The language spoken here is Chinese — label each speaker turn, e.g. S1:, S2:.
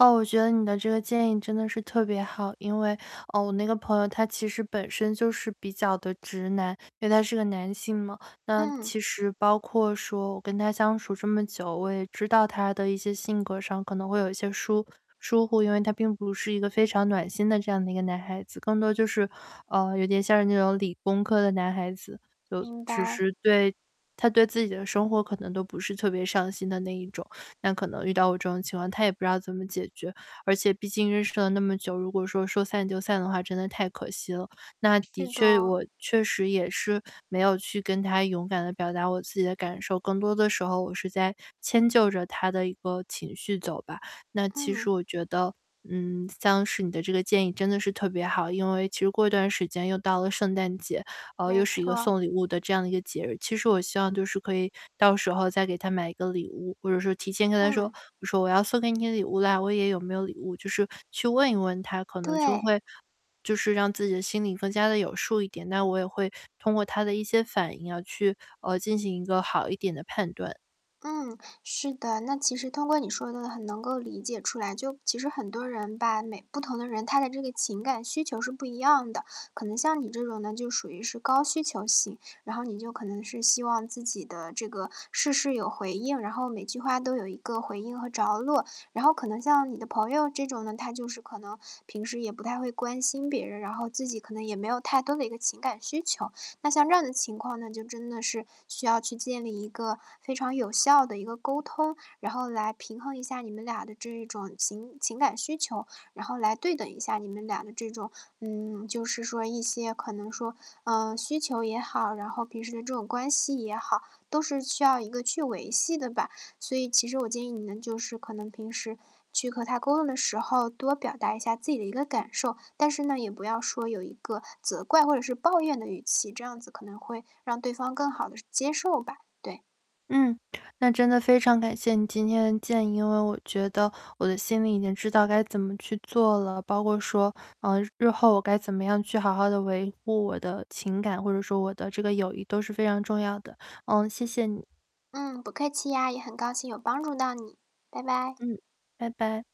S1: 哦，我觉得你的这个建议真的是特别好。因为哦，我那个朋友他其实本身就是比较地直男，因为他是个男性嘛。那
S2: 嗯。
S1: 其实包括说我跟他相处这么久，我也知道他的一些性格上可能会有一些疏疏忽，因为他并不是一个非常暖心的这样的一个男孩子，更多就是啊，有点像是那种，理工科的男孩子。就
S2: 明
S1: 其
S2: 白。
S1: 实对，他对自己的生活可能都不是特别上心的那一种。那可能遇到我这种情况，他也不知道怎么解决。而且毕竟认识了那么久，如果说，说散就散的话，真的太可惜了。那的
S2: 是的。
S1: 确我确实也是没有去跟他勇敢地表达我自己的感受，更多的时候我是在迁就着他的一个情绪走吧。那其实
S2: 嗯。
S1: 我觉得嗯，像是你的这个建议真的是特别好，因为其实过一段时间又到了圣诞节，哦，又
S2: 没
S1: 是一个
S2: 错。
S1: 送礼物的这样的一个节日。其实我希望就是可以到时候再给他买一个礼物，或者是提前跟他说，
S2: 嗯。
S1: 我说：“我要送给你的礼物了，我也有没有礼物？”就是去问一问他，可能就
S2: 对。
S1: 会就是让自己的心理更加地有数一点，那我也会通过他的一些反应要去，呃，进行一个好一点的判断。
S2: 嗯，是的。那其实通过你说的，很能够理解出来。就其实很多人吧，每不同的人，他的这个情感需求是不一样的。可能像你这种呢就属于是高需求型，然后你就可能是希望自己的这个事事有回应，然后每句话都有一个回应和着落。然后可能像你的朋友这种呢，他就是可能平时也不太会关心别人，然后自己可能也没有太多的一个情感需求。那像这样的情况那就真的是需要去建立一个非常有效的一个沟通，然后来平衡一下你们俩的这种情情感需求，然后来对等一下你们俩的这种嗯，就是说一些可能说嗯，需求也好，然后平时的这种关系也好，都是需要一个去维系的吧。所以其实我建议你们，就是可能平时去和他沟通的时候，多表达一下自己的一个感受。但是呢，也不要说有一个责怪或者是抱怨的语气，这样子可能会让对方更好地是接受吧。对。
S1: 嗯，那真的非常感谢你今天的建议。因为我觉得我的心里已经知道该怎么去做了，包括说，呃，日后我该怎么样去好好地维护我的情感，或者说我的这个友谊都是非常重要的。呃，谢谢你。
S2: 嗯，不客气呀，也很高兴有帮助到你，拜拜。
S1: 嗯，拜拜。